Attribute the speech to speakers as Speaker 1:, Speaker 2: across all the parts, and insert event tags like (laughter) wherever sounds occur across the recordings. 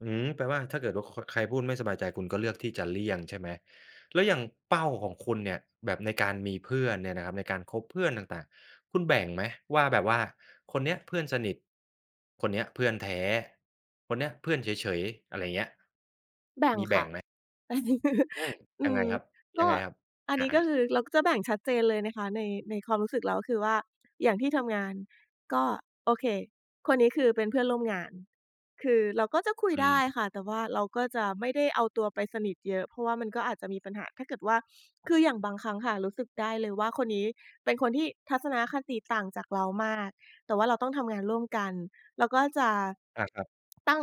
Speaker 1: อืม แปลว่า ถ้าเกิดว่าโค่ะ ใครพูดไม่สบายใจ คุณก็เลือกที่จะเลี่ยง ใช่ไหม? แล้วอย่างเป้าของคุณเนี่ย แบบในการมีเพื่อนเนี่ยนะครับ ในการคบเพื่อนต่าง ๆ คุณแบ่งไหม? ว่า แบบว่าคนเนี้ยเพื่อนสนิท คนเนี้ยเพื่อนแท้ คนนี้เพื่อนเฉย ๆ อะไรเงี้ย มีแบ
Speaker 2: แบ่งค่ะ
Speaker 1: ่งไหม?
Speaker 2: (chuckles)
Speaker 1: อืม
Speaker 2: อ
Speaker 1: ยั
Speaker 2: ื
Speaker 1: งไง
Speaker 2: อ
Speaker 1: ครับ
Speaker 2: ก
Speaker 1: ยั
Speaker 2: ็
Speaker 1: งไงครับ?
Speaker 2: อั
Speaker 1: อ
Speaker 2: น
Speaker 1: า
Speaker 2: นี้ ก็
Speaker 1: ๆ
Speaker 2: คือเราก็จะแบ่งชัดเจนเลยนะคะใน ในความรู้สึกเรา ก็คือว่า อย่างที่ทำงาน ก็ โอเค คนนี้คือเป็นเพื่อนร่วมงาน คือเราก็จะคุ
Speaker 1: อ
Speaker 2: ย
Speaker 1: ื
Speaker 2: ได้
Speaker 1: ม
Speaker 2: ค่ะ แต่ว่าเราก็จะไม่ได้เอาตัวไปสนิทเยอะ เพราะว่ามันก็อาจจะมีปัญหา ถ้าเกิดว่า คืออย่างบางครั้งค่ะ รู้สึกได้เลยว่า คนนี้เป็นคนที่ทัศนคติต่างจากเรามาก แต่ว่าเราต้องทำงานร่วมกัน เรา ก็จะ
Speaker 1: อา ครับ
Speaker 2: ตั้ง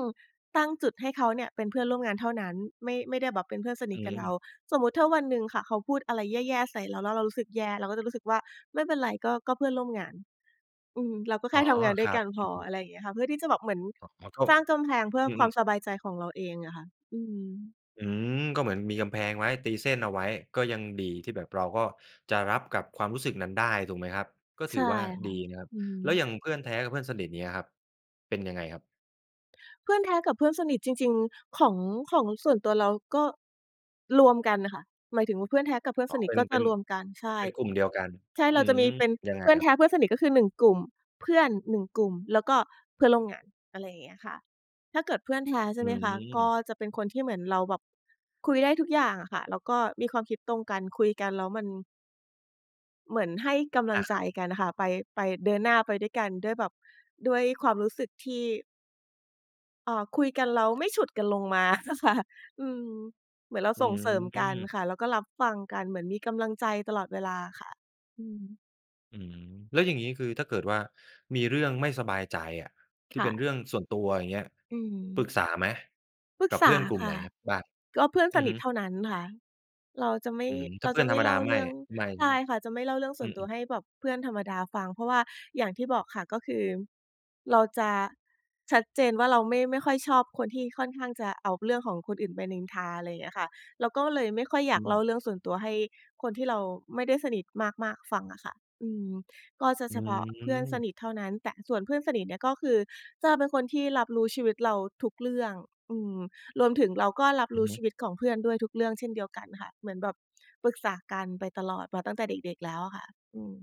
Speaker 2: ตั้งจุดให้เขาเนี่ยเป็นเพื่อนร่วมงานเท่านั้น ไม่ ไม่ได้แบบเป็นเพื่อนสน
Speaker 1: อ
Speaker 2: ิท
Speaker 1: ื
Speaker 2: กับเรา
Speaker 1: ม
Speaker 2: สมมุติถ้าวันหนึ่งค่ะ เขาพูดอะไรแย่ ๆ ใส่เรา แล้วเรารู้สึกแย่ เราก็จะรู้สึกว่า ไม่เป็นไร ก็ ก็เพื่อนร่วมงาน อืม เราก็แค
Speaker 1: อ๋
Speaker 2: ่
Speaker 1: อ
Speaker 2: ทำงานด
Speaker 1: ค
Speaker 2: ้ว
Speaker 1: ร
Speaker 2: ย
Speaker 1: ั
Speaker 2: ก
Speaker 1: บ
Speaker 2: ันพ
Speaker 1: อื
Speaker 2: อ
Speaker 1: ม
Speaker 2: อ
Speaker 1: ๆ
Speaker 2: ะไรอย่างเงี้ยค่ะ เพื่อที่จะแบบเหมือน
Speaker 1: อ๋อ ก็
Speaker 2: สร้างกำแพง เพื่อ
Speaker 1: อื
Speaker 2: ความ
Speaker 1: ม ๆ
Speaker 2: สบายใจของเราเองอะค่ะ อืม
Speaker 1: อืม ก็เหมือนมีกำแพงไว้ ตีเส้นเอาไว้ ก็ยังดีที่ แบบเราก็จะรับกับความรู้สึกนั้นได้ ถูกไหมครับ? ก็
Speaker 2: ใ
Speaker 1: ถื
Speaker 2: ช
Speaker 1: อ
Speaker 2: ่
Speaker 1: ว่า
Speaker 2: ค
Speaker 1: ด
Speaker 2: ่
Speaker 1: ี
Speaker 2: ะ
Speaker 1: นะครับ
Speaker 2: อือฮ
Speaker 1: แล้
Speaker 2: ึ
Speaker 1: วอย่างเพื่อนแท้กับเพื่อนสนิท เนี้ยครับ เป็นยังไงครับ?
Speaker 2: เพื่อนแท้กับเพื่อนสนิทจริง ๆ ของ ของ ส่วนตัวเราก็ รวมกันอะค่ะ หมายถึงว่า เพื่อนแท้กับเพื่อ
Speaker 1: อ
Speaker 2: น
Speaker 1: ๋อ
Speaker 2: สนิ
Speaker 1: เ
Speaker 2: ท
Speaker 1: ป็
Speaker 2: ก
Speaker 1: น
Speaker 2: ็
Speaker 1: เ
Speaker 2: จ
Speaker 1: ป็
Speaker 2: ะ
Speaker 1: น
Speaker 2: รวมกัน ใช่
Speaker 1: เป็นกลุ่มเดียวกัน
Speaker 2: ใช่
Speaker 1: อื
Speaker 2: เราจะ
Speaker 1: ม
Speaker 2: มีเป็น
Speaker 1: ยังไง
Speaker 2: เพื่อน
Speaker 1: ครั
Speaker 2: แ
Speaker 1: บ?
Speaker 2: ท้ เพื่อนสนิท ก็คือ 1 กลุ่ม เพื่อน 1 กลุ่ม แล้วก็เพื่อนร่วมงาน อะไรอย่างเงี้ยค่ะ ถ้าเกิดเพื่อนแท้ ใช
Speaker 1: อ
Speaker 2: ่
Speaker 1: ื
Speaker 2: ไหมคะ? ก็
Speaker 1: ม
Speaker 2: จะเป็นคนที่เหมือนเราแบบ คุยได้ทุกอย่างอะค่ะ แล้วก็มีความคิดตรงกัน คุยกันแล้วมัน เหมือนให้กำล
Speaker 1: อ
Speaker 2: ัง
Speaker 1: า
Speaker 2: ใ
Speaker 1: ค
Speaker 2: จ
Speaker 1: รับ
Speaker 2: กันอะค่ะ ไป ไป เดินหน้าไปด้วยกัน ด้วยแบบ ด้วยความรู้สึกที่ อา คุยกันแล้วไม่ฉุด กันลงมา อะค่ะ อืม เหมือนเรา
Speaker 1: อื
Speaker 2: ส่งเสริมกัน
Speaker 1: ม
Speaker 2: ค่ะ แล้วก็รับฟังกัน เหมือนมีกำลังใจตลอดเวลาค่ะ อืม
Speaker 1: อืม แล้วอย่างงี้ คือ ถ้าเกิดว่า มีเรื่องไม่สบายใจอะ ท
Speaker 2: ค
Speaker 1: ี่
Speaker 2: ่
Speaker 1: เป็นเ
Speaker 2: ะ
Speaker 1: รื่องส่วนตัว อย่างเงี้ย
Speaker 2: อื
Speaker 1: ปรึก
Speaker 2: ม
Speaker 1: ษาไหม?
Speaker 2: ปรึ
Speaker 1: ก
Speaker 2: ก
Speaker 1: ับ
Speaker 2: ษ
Speaker 1: เพื่
Speaker 2: า
Speaker 1: อนกลุ่ม
Speaker 2: ค
Speaker 1: ไหน
Speaker 2: ่ะ
Speaker 1: บ้าง?
Speaker 2: ก็เพื่อน
Speaker 1: อื
Speaker 2: ส
Speaker 1: อ
Speaker 2: น
Speaker 1: ฮ
Speaker 2: ิทเ
Speaker 1: ึ
Speaker 2: ท่านั้นค่ะ เราจะไม่
Speaker 1: อืม ถ้
Speaker 2: เร
Speaker 1: า
Speaker 2: า
Speaker 1: เพื
Speaker 2: จ
Speaker 1: ่อ
Speaker 2: ะ
Speaker 1: น
Speaker 2: ไม
Speaker 1: ธร
Speaker 2: ่
Speaker 1: รม
Speaker 2: เ
Speaker 1: ด
Speaker 2: ล
Speaker 1: า
Speaker 2: ่า
Speaker 1: ไม
Speaker 2: เร
Speaker 1: ่
Speaker 2: ื่อง
Speaker 1: ไม่ ใ
Speaker 2: ใ
Speaker 1: ช
Speaker 2: ช
Speaker 1: ่ไห
Speaker 2: ่
Speaker 1: ม?
Speaker 2: ค่ะ จะไม่เล่าเรื่องส
Speaker 1: อื
Speaker 2: ่วนตัว
Speaker 1: ม ๆ
Speaker 2: ให้แบบเพื่อนธรรมดาฟัง เพราะว่าอย่างที่บอกค่ะ ก็คือ เราจะ ชัดเจนว่าเราไม่ ไม่ค่อยชอบคนที่ค่อนข้างจะเอาเรื่องของคนอื่นไปนินทา อะไรอย่างเงี้ยค่ะ เราก็เลยไม่ค่อยอย
Speaker 1: อ
Speaker 2: า
Speaker 1: ื
Speaker 2: กเล่า
Speaker 1: ม
Speaker 2: เรื่องส่วนตัว ให้คนที่เราไม่ได้สนิทมาก ๆ ฟังอะค่ะ อืม ก็จะ
Speaker 1: อื
Speaker 2: เฉพาะเพื่อนส
Speaker 1: ม
Speaker 2: นิทเท่านั้น แต่ ส่วนเพื่อนสนิทเนี่ยก็คือจะเป็นคนที่รับรู้ชีวิตเราทุกเรื่อง อืม รวมถึงเราก็รับ
Speaker 1: อ
Speaker 2: ร
Speaker 1: ื
Speaker 2: ู
Speaker 1: อ
Speaker 2: ้
Speaker 1: ฮึ
Speaker 2: ชีวิตของเพื่อนด้วยทุกเรื่องเช่นเดียวกันค่ะ เหมือนแบบปรึกษากันไปตลอด มาตั้งแต่เด็ก ๆ แล้วอะค่ะ อืม